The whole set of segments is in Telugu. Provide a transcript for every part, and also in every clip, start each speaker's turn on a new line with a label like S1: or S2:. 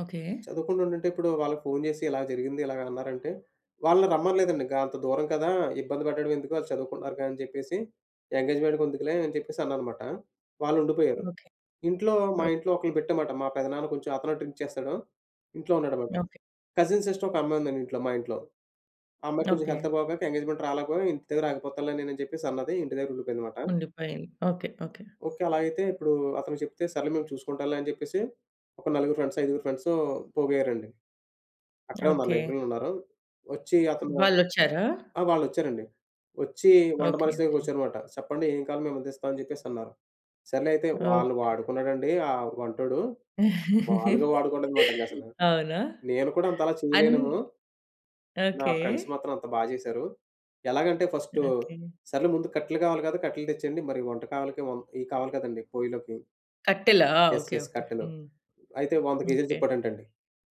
S1: ఓకే.
S2: చదువుకుంటుంటుంటే ఇప్పుడు వాళ్ళకి ఫోను జేసి, ఇలా జరిగింది, ఇలాగన్నారంటే వాళ్ళని రమ్మనలేదండింగ. గా అంతా దూరం కదా! ఇబ్బంది పెట్టడడం ఎందుకు? ఆళ్ళు చదువుకుంటున్నారు కదా! అని చెప్పేసి ఎంగేజ్‌మెంట్‌కెందుకులే అని చెప్పేసి అన్నాను మాట. వాళ్ళుండిపోయారు.
S1: ఓకే,
S2: ఇంట్లో మా
S1: ఓహ్!
S2: ఇంట్లో ఒకల్ని పెట్టామన్మాట, మా పెదనాన్న కొంచెం అతనూ డ్రింక్ చేస్తాడు. ఇంట్లో ఉన్నాడన్నమాట.
S1: ఓకే.
S2: కజిన్ సిస్టర్ ఒక అమ్మాయుందండి ఇంట్లో మా ఇంట్లో. ఆ అమ్మాయికి కొంచెం హెల్త్
S1: ఓకే.
S2: బాగోక ఎంగేజ్‌మెంట్‌కి రాలేకపోయి, "ఇంటి దగ్గర ఆగిపోతానులే నేను" అని చెప్పేసి అన్నది, ఇంటి దగ్గరుండిపోయిందన్నమాట.
S1: ఉండిపోయింది. ఓకే. ఓకే.
S2: ఓకే, అలా అయితే ఇప్పుడు అతను చెప్తే "సరేలే మేము చూసుకుంటాంలే" అని జెప్పేసి, ఒక నలుగురు ఫ్రెండ్సు, ఐదుగురు ఫ్రెండ్సు పోగయ్యారండి. అక్కడే ఉన్నారు,
S1: ఓకే.
S2: లైబ్రరీలో ఉన్నారు. ఒచ్చి అతను
S1: వాళ్ళొచ్చారా?
S2: ఆ! వాళ్ళొచ్చారండి. ఒచ్చి వంట
S1: ఓకే,
S2: మనిషి
S1: ఓకే.
S2: దగ్గరకొచ్చారు మాట. "సేప్పండి, ఏం కావాలి? మేమందిస్తాం." అని జెప్పేసన్నారు. సర్లే అయితే, వాళ్ళు
S1: ఓకే.
S2: వాడుకున్నాడండి! ఆ వంటోడు! మామూలుగా వాడుకోలేదన్నమాట ఇంగసలు!
S1: అవునా?
S2: నేను కూడా అంతలా
S1: అన్
S2: చేయలేనేమో. నా
S1: ఓకే.
S2: ఫ్రెండ్స్ మాత్రం అంత బాగా చేశారు. ఎలాగంటే ఫస్ట్
S1: ఓకే.
S2: సరేలే ముందు కట్టెలు కావాలి కదా! కట్టెలు తెచ్చేయండి మరి, వంట కావాలికి ఇయి కావాలి కదండీ పొయ్యిలోకి.
S1: కట్టెలా?
S2: Yes,
S1: okay,
S2: yes.
S1: ఓకే.
S2: కట్టెలు.
S1: హ్మ్.
S2: అయితే 100 కేజీలు
S1: ఓకే.
S2: చెప్పాడంటండి.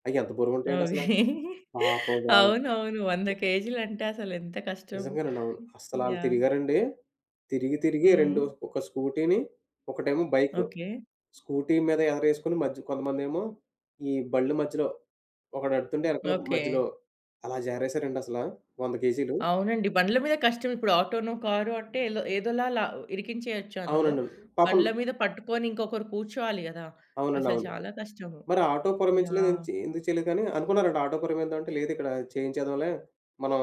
S2: అయ్యెంత బరువు ఉంటాయండి అసలా! పాపం వాళ్ళు!
S1: అవునవును. 100
S2: ఓ
S1: కేజీలంటే అసలెంత కష్టం.
S2: నిజంగానండి! అవును. అసలు ఆళ్ళు
S1: యాహ్!
S2: తిరిగారండి. తిరిగి తిరిగి రెండు
S1: హ్మ్.
S2: ఒక స్కూటీని ఒకటేమో బైకు.
S1: ఓకే.
S2: స్కూటీ మీద ఎదరేసుకొని మధ్య కొంతమందేమో ఈ బండ్లు మధ్యలో ఒకడు ఎడ్తుంటే వెనకాల
S1: ఓకే.
S2: మధ్యలో అలా జారేశారండి అసలా 100 కేజీలు.
S1: అవునండి. బండ్ల మీద కష్టం. ఇప్పుడు ఆటోనో, కారో అంటే ఎల్లో ఏదోలా ఇరికించేయొచ్చందులో.
S2: అవునండి. పాపం
S1: బండ్ల మీద పట్టుకొని ఇంకొకరు కూర్చోవాలి గదా!
S2: అవునండి.
S1: అసలు
S2: అవును.
S1: చాలా కష్టము.
S2: మరి ఆటో పురమాయించలేదు, ఎ
S1: యాహ్!
S2: ఎందుకు చేయలేదని అనుకున్నారంట. ఆటో పురమాయిద్దాం అంటే లేదిక్కడ చేయించేద్దాంలే. మనం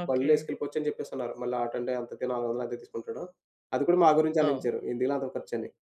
S1: ఓకే.
S2: బండ్లేసుకెళ్ళిపోవచ్చని చెప్పేసన్నారు. మళ్ళా ఆటో అంటే ఎంతకి నాలుగొందలెంతో తీసుకుంటాడు. అది కూడా మా గురించే
S1: అవును.
S2: ఆలోచించారు, ఎందుకులే అంత ఖర్చని.